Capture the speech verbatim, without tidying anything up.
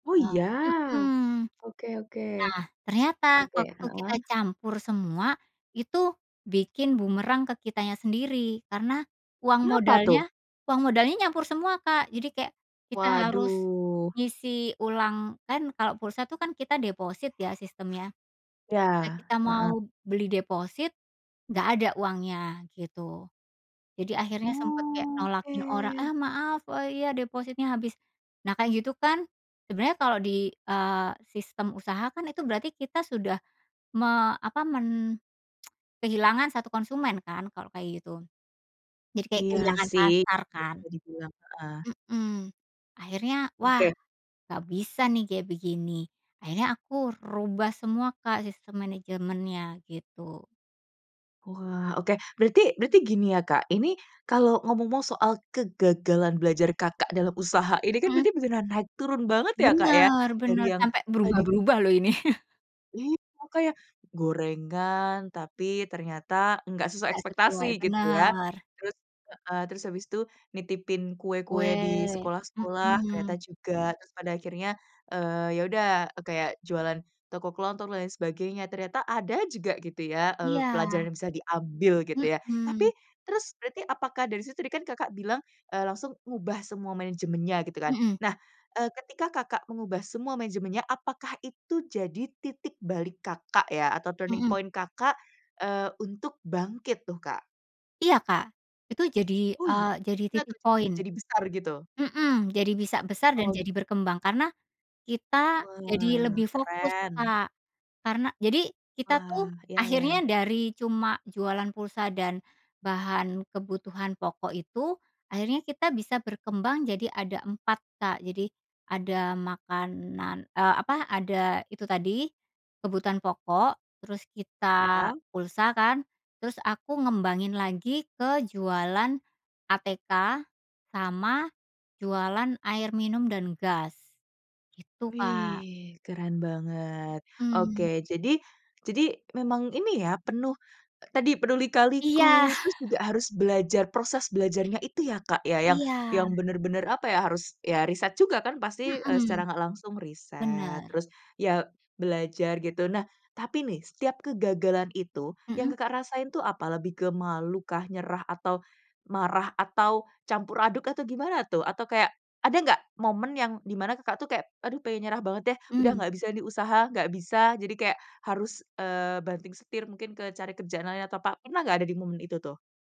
Oh, Oh, iya? mhm. Oke oke, Nah, ternyata oke, waktu kita heeh. campur semua, itu bikin bumerang ke kitanya sendiri karena, uang Kenapa, tuh? modalnya uang modalnya nyampur semua, Kak, jadi kayak kita harus Waduh. ngisi ulang kan kalau pulsa tuh kan kita deposit ya sistemnya Ya, ketika kita heeh. mau beli deposit, nggak ada uangnya gitu, jadi akhirnya sempet kayak Oke. nolakin orang, "Ah maaf, eee, iya depositnya habis." Nah, kayak gitu kan sebenernya kalau di, eee, sistem usaha kan itu berarti kita sudah me apa men kehilangan satu konsumen kan kalau kayak gitu, jadi kayak Iya kehilangan sih, pasar kan. [unintelligible] heeh. Mhm, akhirnya wah Oke. nggak bisa nih kayak begini akhirnya aku rubah semua, Kak, sistem manajemennya gitu. Wah oke, berarti berarti gini ya, Kak, ini kalau ngomong soal kegagalan belajar, Kakak, dalam usaha ini kan Mhm. benar-benar naik turun banget ya, Kak, ya Benar dari benar, yang sampai tadi berubah-berubah loh ini. Iya kayak, gorengan, tapi ternyata nggak sesuai Nggak ekspektasi sesuai, gitu ya bener. terus, eee, terus habis itu nitipin kue-kue di Weh, sekolah-sekolah ternyata mhm. juga, terus pada akhirnya, eee, ya udah kayak jualan toko kelontong dan lain sebagainya ternyata ada juga gitu ya, eee, Iya. pelajaran yang bisa diambil gitu ya, tapi Mhm. terus berarti apakah dari situ tadi kan, Kakak, bilang, eee, langsung ngubah semua manajemennya gitu kan. Mhm. Nah, eee, ketika, Kakak, mengubah semua mejemennya, apakah itu jadi titik balik, Kakak, ya atau turning Mhm. point, Kakak, eee, untuk bangkit tuh, Kak? Iya, Kak, itu jadi, Oh, iya? eee, jadi titik [unintelligible] jadi poin. jadi besar gitu? Mhm, jadi bisa besar dan Oh. jadi berkembang, karena kita jadi Wah, lebih fokus, keren. Kak. Karena jadi kita Wah, tuh ya akhirnya ya. dari cuma jualan pulsa dan bahan kebutuhan pokok itu, akhirnya kita bisa berkembang jadi ada empat, Kak, jadi ada makanan eee, apa, ada itu tadi kebutuhan pokok, terus kita Ya? pulsa kan, terus aku ngembangin lagi ke jualan ATK sama jualan air minum dan gas gitu, Kak. Wih, keren banget. Oke, Mhm. jadi jadi memang ini ya penuh tadi penuh Iya. lika-liku terus juga harus belajar proses belajarnya itu ya, Kak, ya yang Iya. yang bener-bener, apa ya, harus ya riset juga kan, eee, pasti Mhm, secara nggak langsung riset bener. terus ya belajar gitu. Nah, tapi nih setiap kegagalan itu yang, Mhm. Kakak, rasain tuh apa lebih ke malukah, nyerah, atau marah, atau campur aduk, atau gimana tuh? Atau kayak ada nggak momen yang di mana, Kakak, tuh kayak aduh pengen nyerah banget deh udah Mmm. nggak bisa nih usaha, nggak bisa jadi kayak harus, eee, banting setir mungkin ke cari kerjaan lain atau apa, pernah nggak ada di momen itu tuh?